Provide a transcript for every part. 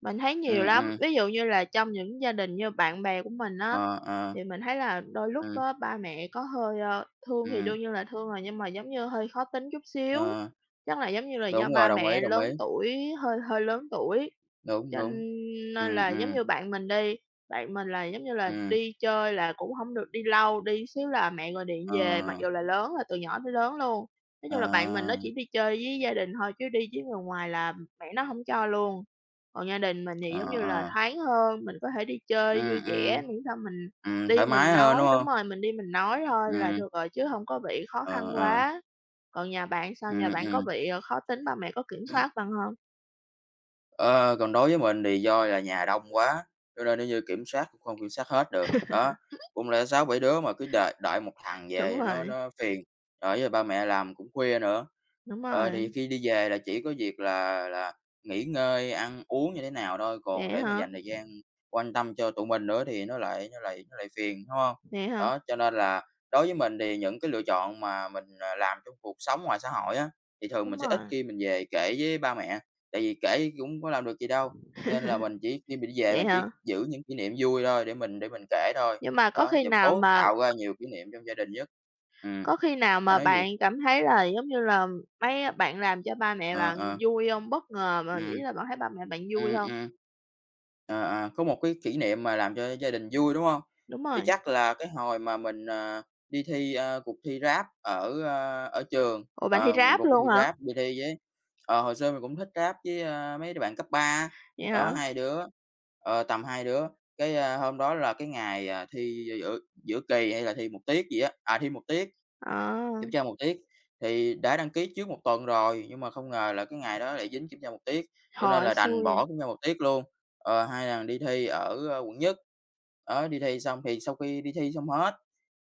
Mình thấy nhiều Ừm, lắm, ừm. ví dụ như là trong những gia đình như bạn bè của mình á, Ờ, ờ. thì mình thấy là đôi lúc Ừm. á ba mẹ có hơi, ơ, thương thì đương Ừm. nhiên là thương rồi, nhưng mà giống như hơi khó tính chút xíu. Ờ. Chắc là giống như là do Đúng ba rồi, đồng ý, mẹ đồng lớn ý. tuổi, hơi hơi lớn tuổi, Đúng, cho đúng. nên Ừm, là giống ừm. như bạn mình đi, bạn mình là giống như là Ừm. đi chơi là cũng hổng được đi lâu, đi xíu là mẹ gọi điện Ờ. về, mặc dù là lớn rồi, từ nhỏ tới lớn luôn. Nói chung là bạn mình nó À! chỉ đi chơi với gia đình thôi chứ đi với người ngoài là, ừm, mẹ nó hổng cho luôn. Còn gia đình mình thì À, giống như là à. thoáng hơn, mình có thể đi chơi vui Ừm, ừm. vẻ miễn sao mình Ừm, đi thoải mình mái hơn, đúng nói đúng hông? rồi, mình đi mình nói thôi là Ừm. được rồi chứ hông có bị khó Ờ, khăn ờ. quá. Còn nhà bạn sao? Nhà Ừm, bạn ừm. có bị, ờ, khó tính, ba mẹ có kiểm Ừm. soát bạn hông? Ờ, còn đối với mình thì do là nhà đông quá, cho nên nếu như kiểm soát cũng không kiểm soát hết được. Đó, không lẽ 6,7 đứa mà cứ đợi đợi 1 thằng về Đúng thì nó rồi. nó phiền, rồi với ba mẹ làm cũng khuya nữa. Đúng Ờ, thì rồi. khi đi về là chỉ có việc là là nghỉ ngơi, ăn uống như thế nào thôi, Vậy còn á để mà hả? dành thời gian quan tâm cho tụi mình nữa thì nó lại nó lại nó lại phiền, đúng hông? Vậy hả? Đó, cho nên là đối với mình thì những cái lựa chọn mà mình, ờ, làm trong cuộc sống ngoài xã hội á, thì thường Đúng mình sẽ ít rồi. khi mình về kể với ba mẹ. Tại vì kể cũng có làm được gì đâu, nên là mình chỉ khi mình đi về Vậy mình chỉ hả? giữ những kỷ niệm vui thôi để mình để mình kể thôi. Nhưng mà có Đó, khi và nào cố mà tạo ra nhiều kỷ niệm trong gia đình nhất. Ừm, có khi nào bạn mà nói gì? bạn cảm thấy là, giống như là, mấy bạn làm cho ba mẹ Ờ, bạn ờ. vui hông? Bất ngờ, mà Ừm. nghĩ là bạn thấy ba mẹ bạn vui Ừm, hông? ừm. À, à, có 1 cái kỉ niệm mà làm cho gia đình vui, đúng hông? Đúng Thì rồi. chắc là cái hồi mà mình, à, đi thi, a, cuộc thi rap ở, ờ, ở trường, Ủa, bạn thi ờ, một Rap cuộc cuộc luôn thi hả? rap, đi thi với ờ, hồi xưa mình cũng thích rap với, a, mấy đứa bạn cấp 3, Vậy đó hả? 2 đứa, ờ, tầm 2 đứa, cái, a, hôm đó là cái ngày, à, thi gi giữa giữa kỳ hay là thi 1 tiết gì á, à, thi 1 tiết, Ờ. kiểm tra 1 tiết thì đã đăng ký trước 1 tuần rồi, nhưng mà không ngờ là cái ngày đó lại dính kiểm tra 1 tiết, cho Trời nên ơi, là đành xui bỏ vậy! kiểm tra 1 tiết luôn. Ờ hai thằng đi thi ở, ờ, quận Nhất. Đó đi thi xong thì sau khi đi thi xong hết,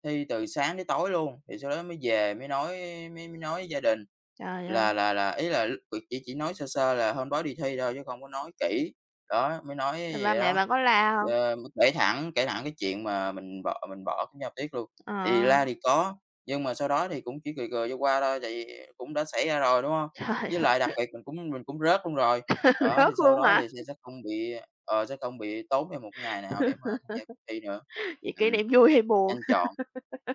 thi từ sáng tới tối luôn thì sau đó mới về mới nói mới mới nói với gia đình Trời là ơi! là là ý là, lúc [unintelligible] chỉ chỉ nói sơ sơ là hôm đó đi thi thôi chứ không có nói kỹ, đó mới nói Rồi ba vậy mẹ đó. bạn có la hông? Ờ, kể thẳng kể thẳng cái chuyện mà mình bỏ mình bỏ kiểm tra 1 tiết luôn. Thì Ờ. la thì có, nhưng mà sau đó thì cũng chỉ cười cười cho qua thôi, tại vì cũng đã xảy ra rồi, đúng không? Trời ơi! Với lại đặc biệt mình cũng mình cũng rớt luôn rồi. Đó, thì Rớt sau luôn đó hả? thì sẽ sẽ không bị, ờ, sẽ không bị tốn thêm một cái ngày nào để mà tham gia cuộc thi nữa. Vậy kỉ Ừm, niệm vui hay buồn? nên chọn